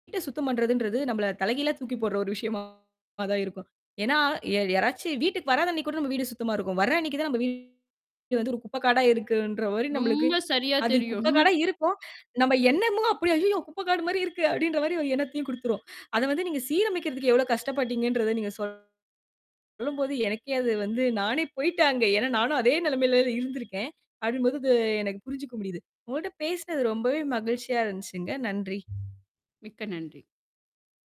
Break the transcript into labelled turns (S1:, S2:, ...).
S1: வீட்ட சுத்தம் பண்றதுன்றது நம்பள தலைகீழா தூக்கி போடுற ஒரு விஷயமா தான் இருக்கும். ஏன்னா ய யாராச்சு வீட்டுக்கு வராத அன்னைக்கு கூட நம்ப வீடு சுத்தமா இருக்கும். வர்ற அன்னைக்கு தான் நம்ப வீடு வந்து ஒரு குப்பைக்காடா இருக்குன்ற மாதிரி நம்பளுக்கு
S2: ரொம்ப சரியா
S1: அது
S2: தெரியும்.
S1: குப்பைக்காடா இருக்கும். நம்ப எண்ணமும் அப்படியே "அய்யய்யோ! குப்பைக்காடு மாரி இருக்கு." அப்படீன்ற மாரி ஒரு எண்ணத்தையும் குடுத்துரும். அத வந்து நீங்க சீரமைக்கிறதுக்கு எவ்வளவு கஷ்டப்பட்டீங்கன்றத நீங்க சொல்லும் போது, எனக்கே அது வந்து நானே போயிட்டேன் அங்க. ஏன்னா நானும் அதே நெலைமையில இருந்திருக்கேன். அப்படிங்கும் பொழுது எனக்கு புரிஞ்சுக்க முடியுது. உங்களோட பேசுனது ரொம்பவே மகிழ்ச்சியா இருந்துச்சுங்க. நன்றி.
S2: மிக்க நன்றி.